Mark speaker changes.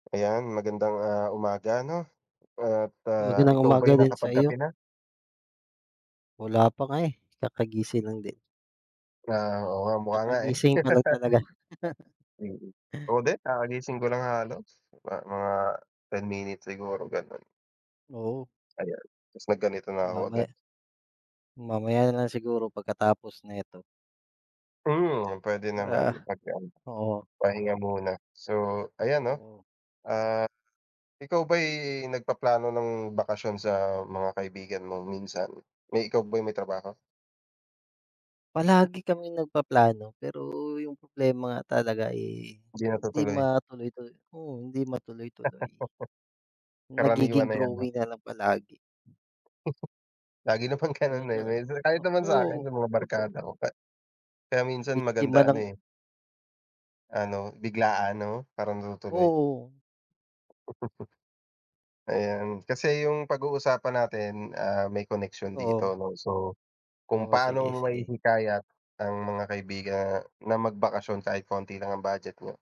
Speaker 1: Ayan, magandang, ah, umaga ano, at, ah,
Speaker 2: Magandang
Speaker 1: ikaw ba
Speaker 2: umaga
Speaker 1: ay
Speaker 2: din sa iyo.
Speaker 1: nakapagkape na?
Speaker 2: Wala pa nga, eh, kakagising lang din.
Speaker 1: Ah, oo nga, mukha nga, eh.
Speaker 2: Kakagising ko lang talaga.
Speaker 1: Mm. Ako din kakagising ko lang halos, ma mga 10 minutes siguro, gano'n.
Speaker 2: Oo.
Speaker 1: Ayan, tapos nag ganito na ako
Speaker 2: Mamaya
Speaker 1: agad.
Speaker 2: mamaya na lang siguro pagkatapos neto.
Speaker 1: Mm, puwede naman
Speaker 2: Wala
Speaker 1: pagka ano,
Speaker 2: oo.
Speaker 1: pahinga muna. So ayan 'no,
Speaker 2: Oo.
Speaker 1: ah, ikaw ba'y nagpaplano ng bakasyon sa mga kaibigan mo minsan? May ikaw ba ay may trabaho?
Speaker 2: Palagi kaming nagpaplano, pero 'yung problema nga talaga, eh,
Speaker 1: Hindi
Speaker 2: hindi
Speaker 1: natutuloy.
Speaker 2: matuloy-tuloy. Oo, hindi matuloy-tuloy.
Speaker 1: Karaniwan
Speaker 2: Nagiging
Speaker 1: na 'yan 'no.
Speaker 2: drawing na lang palagi.
Speaker 1: Lagi naman ganun,
Speaker 2: Ganun
Speaker 1: eh,
Speaker 2: tala
Speaker 1: dahil sa kahit naman
Speaker 2: naku
Speaker 1: sa'kin, 'yung mga
Speaker 2: oo.
Speaker 1: barkada ko pa kaya minsan
Speaker 2: Biktima
Speaker 1: maganda ano,
Speaker 2: ng
Speaker 1: eh. Ano, biglaan 'no para natutuloy.
Speaker 2: Oo.
Speaker 1: Ayan, kasi 'yung pag-uusapan natin, ah, may koneksiyon dito
Speaker 2: Oo.
Speaker 1: 'no. So, kung
Speaker 2: Oo,
Speaker 1: paano
Speaker 2: sige,
Speaker 1: mo
Speaker 2: sige.
Speaker 1: mahihikayat ang mga kaibigan na magbakasyon kahit konti lang ang budget niyo?